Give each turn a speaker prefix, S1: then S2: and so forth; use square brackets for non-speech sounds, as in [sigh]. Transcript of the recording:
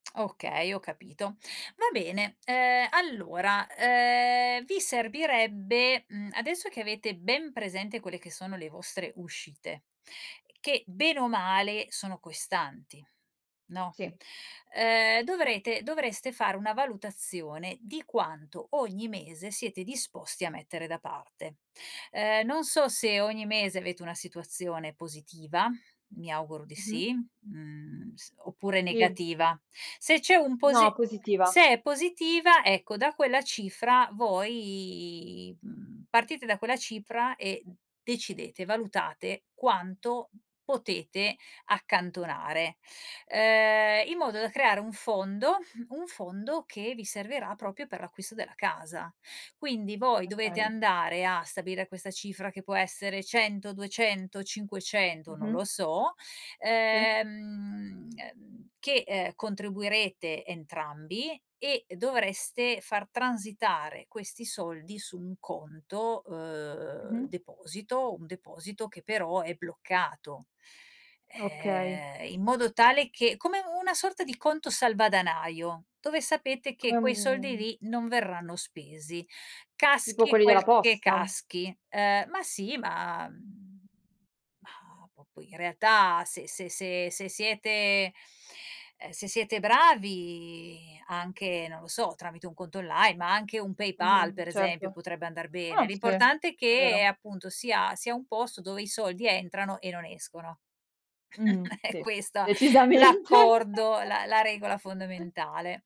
S1: Okay, ho capito. Va bene, ehm, allora, ehm, vi servirebbe mhmm, adesso che avete ben presente quelle che sono le vostre uscite che bene o male sono costanti, no,
S2: Sì.
S1: ehm, dovrete dovreste fare una valutazione di quanto ogni mese siete disposti a mettere da parte. Ehm, non so se ogni mese avete una situazione positiva, mi auguro di
S2: Mh-mh.
S1: sì, mhmm, s oppure
S2: Sì.
S1: negativa. Se c'è un posi
S2: No, positiva.
S1: se è positiva ecco da quella cifra voi, mhmm, partite da quella cifra e decidete, valutate quanto potete accantonare, ehm, in modo da creare un fondo un fondo che vi servirà proprio per l'acquisto della casa. Quindi voi dovete
S2: Okay.
S1: andare a stabilire questa cifra che può essere 100, 200, 500, non
S2: Mh-mh.
S1: lo so,
S2: Sì.
S1: ehm, ehm, che, ehm, contribuirete entrambi e dovreste far transitare questi soldi su un conto, uhm,
S2: Mh-mh.
S1: deposito, un deposito che però è bloccato,
S2: Okay.
S1: ehm, in modo tale che come una sorta di conto salvadanaio dove sapete che
S2: Come
S1: quei soldi
S2: mhmm
S1: lì non verranno spesi.
S2: Tipo
S1: Caschi
S2: quelli della
S1: quel che
S2: posta?
S1: caschi. Uhm, ma sì, ma mhmm ma, po poi in realtà se se se se siete ehm, se siete bravi anche, non lo so, tramite un conto online, ma anche un PayPal
S2: Mh-mh,
S1: per esempio
S2: certo.
S1: potrebbe andar bene.
S2: Ah sì, è
S1: L'importante è che
S2: vero.
S1: appunto sia sia un posto dove i soldi entrano e non escono.
S2: Mh-mh,
S1: [chuckles] È
S2: sì,
S1: questo
S2: decisamente.
S1: l'accordo, la la regola
S2: [giggles]
S1: fondamentale.